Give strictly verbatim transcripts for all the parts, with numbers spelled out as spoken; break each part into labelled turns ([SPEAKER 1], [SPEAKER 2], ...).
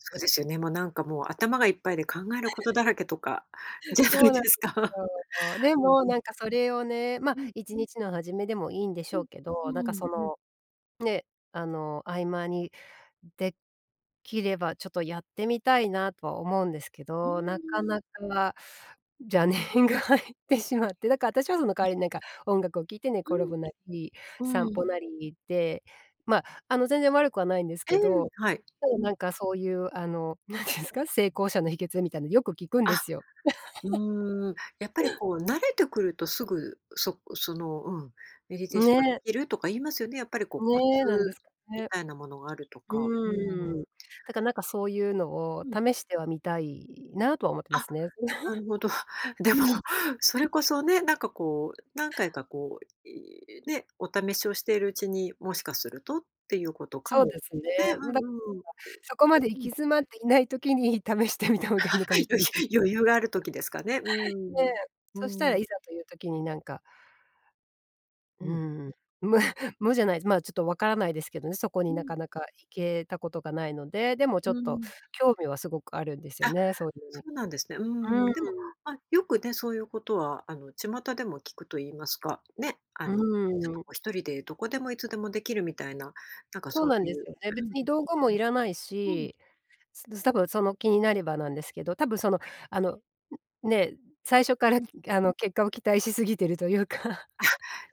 [SPEAKER 1] そうですよね、もうなんかもう頭がいっぱいで考えること だらけとかじゃな
[SPEAKER 2] そ
[SPEAKER 1] い
[SPEAKER 2] うなん
[SPEAKER 1] で
[SPEAKER 2] で
[SPEAKER 1] す
[SPEAKER 2] す
[SPEAKER 1] か。
[SPEAKER 2] よ。で
[SPEAKER 1] うん
[SPEAKER 2] も、
[SPEAKER 1] うん。
[SPEAKER 2] なんかそれをね、まあ、
[SPEAKER 1] うん。
[SPEAKER 2] いちにちの初めでもいいんでし
[SPEAKER 1] う
[SPEAKER 2] ょう
[SPEAKER 1] ん、
[SPEAKER 2] け
[SPEAKER 1] う
[SPEAKER 2] ど、なんか
[SPEAKER 1] ん、
[SPEAKER 2] そ
[SPEAKER 1] うん。
[SPEAKER 2] の、ね、あの、合間にできれば、ちょっとやってみたいなとは思うんですけ
[SPEAKER 1] うー
[SPEAKER 2] ど、なか
[SPEAKER 1] ん。
[SPEAKER 2] なか邪念が入ってしまって、だから私はその代
[SPEAKER 1] う
[SPEAKER 2] わ
[SPEAKER 1] ん。
[SPEAKER 2] りになんか、音楽を聴いて寝転ぶな
[SPEAKER 1] う
[SPEAKER 2] り、
[SPEAKER 1] ん、
[SPEAKER 2] 散
[SPEAKER 1] う
[SPEAKER 2] 歩
[SPEAKER 1] ん。
[SPEAKER 2] なりで、まあ、あの、全然悪くはないんです
[SPEAKER 1] ええ、
[SPEAKER 2] けど、
[SPEAKER 1] はい。
[SPEAKER 2] ただ
[SPEAKER 1] う
[SPEAKER 2] な
[SPEAKER 1] ん。
[SPEAKER 2] んかそういうあの、なんて言うんすか、成功者の秘訣みたいなのよく聞くん
[SPEAKER 1] あ、
[SPEAKER 2] ですよ。
[SPEAKER 1] うーん、やっぱりこう慣れてくるとすぐそその、うん、メディテーションが
[SPEAKER 2] ね。
[SPEAKER 1] 出来るとか言いますよね、やっぱりこうコ
[SPEAKER 2] ね、なんで
[SPEAKER 1] ツ
[SPEAKER 2] すか
[SPEAKER 1] み
[SPEAKER 2] ね。
[SPEAKER 1] たいなものがあるとか。う
[SPEAKER 2] うーん。
[SPEAKER 1] ん。
[SPEAKER 2] だからなんかそういうのを
[SPEAKER 1] うん。
[SPEAKER 2] 試してはみたいなとは思ってま
[SPEAKER 1] あ、
[SPEAKER 2] すね。
[SPEAKER 1] なるほど。でも、
[SPEAKER 2] うん。
[SPEAKER 1] それこ そね、なんかこう、何回かこう、いね、お試しをしているうちに、もしかするとっていうことか
[SPEAKER 2] そう
[SPEAKER 1] も。
[SPEAKER 2] ですね。
[SPEAKER 1] ね、
[SPEAKER 2] ん、だ、ら
[SPEAKER 1] うんうん、うん。
[SPEAKER 2] そこまで行
[SPEAKER 1] うん。
[SPEAKER 2] き詰まっていない時に試してみた方がいいのか もしれな
[SPEAKER 1] 余
[SPEAKER 2] い。
[SPEAKER 1] 裕余裕がある 時ですかね。う
[SPEAKER 2] ね、
[SPEAKER 1] ん。
[SPEAKER 2] そした
[SPEAKER 1] う
[SPEAKER 2] ら
[SPEAKER 1] ん。
[SPEAKER 2] いざという時になんか
[SPEAKER 1] う
[SPEAKER 2] う
[SPEAKER 1] ん。
[SPEAKER 2] ん。無無じゃないずまあ、ちょっと分からないですけどね、そこ
[SPEAKER 1] う
[SPEAKER 2] にな
[SPEAKER 1] ん。
[SPEAKER 2] かなか行けたことがないので。でもちょっ
[SPEAKER 1] う
[SPEAKER 2] と、
[SPEAKER 1] ん。
[SPEAKER 2] 興味はすごくあるんですよ
[SPEAKER 1] あ、
[SPEAKER 2] ね、そういう
[SPEAKER 1] そ
[SPEAKER 2] に。
[SPEAKER 1] うなんですね。うーん、
[SPEAKER 2] う
[SPEAKER 1] でも、
[SPEAKER 2] ん。
[SPEAKER 1] ま、よくね、そういうことは、あの巷でも聞くと言いますか、ね、あ
[SPEAKER 2] う
[SPEAKER 1] のちょっとこ
[SPEAKER 2] ん。
[SPEAKER 1] うひとりでどこでもいつでも出来るみたいな、なんか
[SPEAKER 2] そう
[SPEAKER 1] そ
[SPEAKER 2] なん
[SPEAKER 1] うい
[SPEAKER 2] です
[SPEAKER 1] う
[SPEAKER 2] よね。
[SPEAKER 1] う
[SPEAKER 2] 別に
[SPEAKER 1] ん。
[SPEAKER 2] 道具もいらない
[SPEAKER 1] うん。
[SPEAKER 2] し、すで多分その気になればなんですけど、多分その、あの、ね、最初から
[SPEAKER 1] うん。
[SPEAKER 2] あの結果を期待しすぎてるというか。
[SPEAKER 1] あ、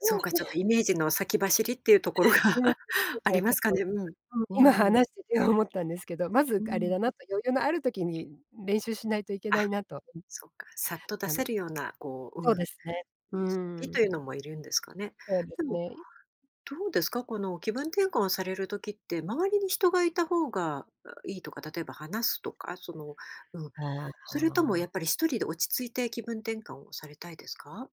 [SPEAKER 1] そうか、ちょっ とイメージの先走りっていうところが
[SPEAKER 2] うん、だか
[SPEAKER 1] あ
[SPEAKER 2] ら
[SPEAKER 1] り
[SPEAKER 2] ちょ
[SPEAKER 1] ま
[SPEAKER 2] っ
[SPEAKER 1] すか
[SPEAKER 2] と、
[SPEAKER 1] ね。うん。
[SPEAKER 2] うん、今
[SPEAKER 1] うん。
[SPEAKER 2] 話してて思ったんですけど、まず
[SPEAKER 1] う
[SPEAKER 2] あれ
[SPEAKER 1] ん。
[SPEAKER 2] だなと。余裕のある時に練習しないといけ
[SPEAKER 1] あ、
[SPEAKER 2] ないなと。
[SPEAKER 1] そっか、さっと出
[SPEAKER 2] たの
[SPEAKER 1] せるような、こう、
[SPEAKER 2] そう
[SPEAKER 1] うん、
[SPEAKER 2] ですね。う
[SPEAKER 1] 準備
[SPEAKER 2] ん。
[SPEAKER 1] というのもいるんですかね。
[SPEAKER 2] そうで
[SPEAKER 1] で
[SPEAKER 2] す
[SPEAKER 1] も、
[SPEAKER 2] ね、い
[SPEAKER 1] どうですか、この気分転換をされる時って、周りに人が居た方がいいとか、例えば話すとか、その、うん、
[SPEAKER 2] あ
[SPEAKER 1] それとも
[SPEAKER 2] あ。
[SPEAKER 1] やっぱりひとりで落ち着いて気分転換をされたいですか？